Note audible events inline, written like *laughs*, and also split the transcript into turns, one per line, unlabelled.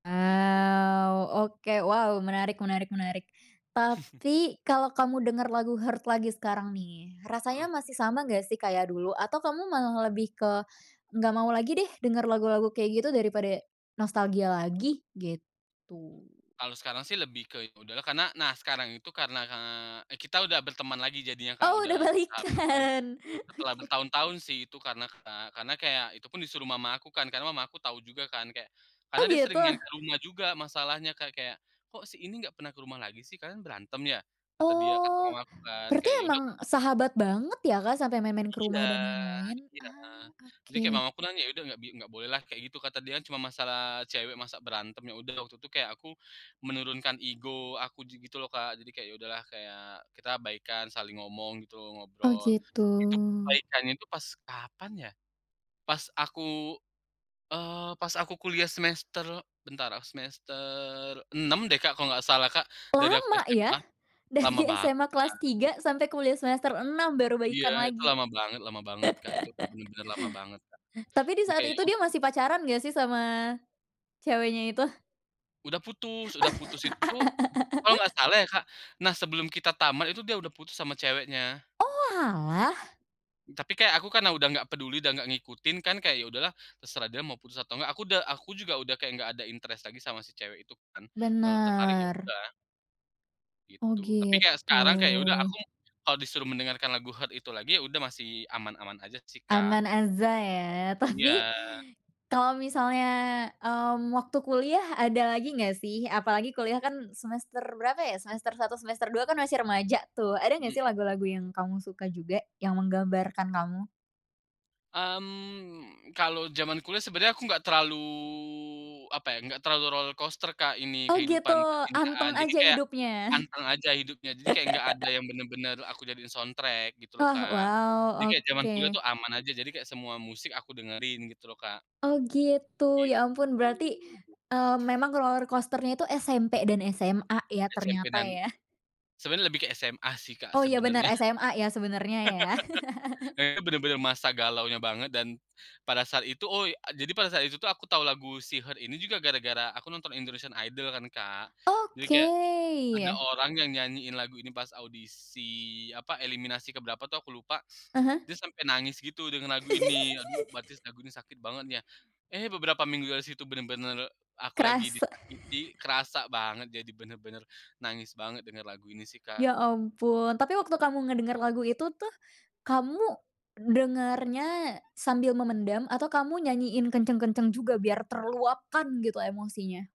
Gitu.
Wow, oke, wow, menarik menarik menarik.
*chuckles*
Tapi kalo kamu denger lagu "Hurt" lagi sekarang nih, rasanya
Heeh.
masih sama gak sih kayak dulu? Atau kamu malah lebih ke, "Nggak mau lagi deh denger lagu-lagu kayak gitu daripada, nostalgia lagi" gitu.
Kalau sekarang sih lebih ke ya udahlah karena nah, sekarang itu karena, eee, kita udah berteman lagi jadinya, Kak,
Oh,
udah
udah
bersahabat lagi
balikan,
setelah
oke.
bertahun-tahun sih itu karena, Kak. Karena kayak itu pun disuruh mama aku kan karena mama aku tahu juga kan. Kayak karena
Oh,
dia sering nyari
gitu?
ke rumah juga masalahnya, Kak. Kayak, "Kok si ini nggak pernah ke rumah lagi sih, kalian berantem ya?" Kata dia kata
Oh,
mama aku kan,
berarti
kayak ya udah aku
emang sahabat banget ya, Kak, sampe main-main ke
Iya
rumah dan lain-lain.
iya.
Ah,
Jadi kayak
oke.
mama aku nanya, "Ya udah nggak" bi "nggak bolehlah," kayak gitu kata dia. "cuman masalah cewek masa berantem." Ya udah, waktu itu kayak aku, menurunkan ego aku ji gitu loh, Kak. Jadi kayak ya udahlah kayak kita baikan saling ngomong gitu,
Oh,
ngobrol.
gitu.
Itu pun baikannya itu pas kapan ya, pas aku, eee, pas aku kuliah semester bentar, eee, semester 6 deh, Kak, kalau nggak salah, Kak, dari aku
Lama ya,
SMA. Lama
dari
banget,
SMA kelas
Kak.
3 sampai kuliah semester 6 baru
Iya,
baikan
itu
lagi.
lama banget lama banget, Kak. Itu
*laughs*
bener-bener lama banget, Kak.
Tapi di
Jadi
saat
kayak
itu
yau
dia masih pacaran nggak sih sama, ceweknya itu?
Udah putus udah putus itu tuh kalau nggak salah ya, Kak.
*laughs*
Nah, sebelum kita tamat itu dia udah putus sama ceweknya.
Oalah.
Tapi kayak aku karena udah nggak peduli dan nggak ngikutin kan kayak, "Ya udahlah terserah dia mau putus atau nggak." Aku udah aku juga udah kayak nggak ada interest lagi sama si cewek itu kan, udah nggak tertarik ya
Bener.
udah
Oh,
gitu. Tapi kayak
gitu.
sekarang kayak ya udah, aku, kalau disuruh mendengarkan lagu "Hurt" itu lagi, ya udah masih aman-aman aja sih, Kak,
Aman aja ya. Tapi,
iya.
kalo misalnya, mmm, waktu kuliah ada lagi nggak sih? Apalagi kuliah kan semester berapa ya, semester 1, semester 2, kan masih remaja tuh. Ada gak sih
Mhm.
lagu-lagu yang kamu suka juga yang menggambarkan kamu?
Mmm, kalau zaman kuliah sebenarnya aku nggak terlalu apa ya, nggak terlalu roller coaster, Kak, ini
Oh, gitu,
kehidupan
anteng
percintaan. Jadi
aja
kayak,
hidupnya.
anteng aja hidupnya, jadi kayak nggak ada
*laughs*
yang bener-bener aku jadiin soundtrack gitu loh,
Oh,
Kak. Jadi
wow.
kayak zaman kuliah
Oke.
tuh aman aja, jadi kayak semua musik aku dengerin gitu loh, Kak,
Oh, gitu. Ya
begitu.
ampun berarti, eee, memang roller coaster-nya itu SMP dan SMA ya
SMP
ternyata
dan
ya.
sebenarnya lebih ke SMA sih, Kak,
Oh, iya, bener
sebenarnya.
SMA ya sebenarnya ya.
*laughs* Kayaknya
*chuckles*
bener-bener masa galaunya banget dan, pada saat itu oy a jadi pada saat itu tuh aku tahu lagu si "Hurt" ini juga gara-gara aku nonton Indonesian Idol kan, Kak. Jadi
Oke,
kayak, ada
iya.
orang yang nyanyiin lagu ini pas audisi apa, eliminasi ke berapa tuh aku lupa.
Heeh.
Dia sampai nangis gitu dengan lagu ini. Aduh, berarti
*giggles*
lagu ini sakit banget ya, eh, beberapa minggu dari situ bener-bener aku lagi
Kerasa.
disakiti
*chuckles*
kerasa banget, jadi bener-bener nangis banget denger lagu ini sih, Kak.
Ya ampun, tapi waktu kamu ngedenger lagu itu tuh, kamu, dengernya sambil memendam atau kamu nyanyiin kenceng-kenceng juga biar terluapkan gitu emosinya?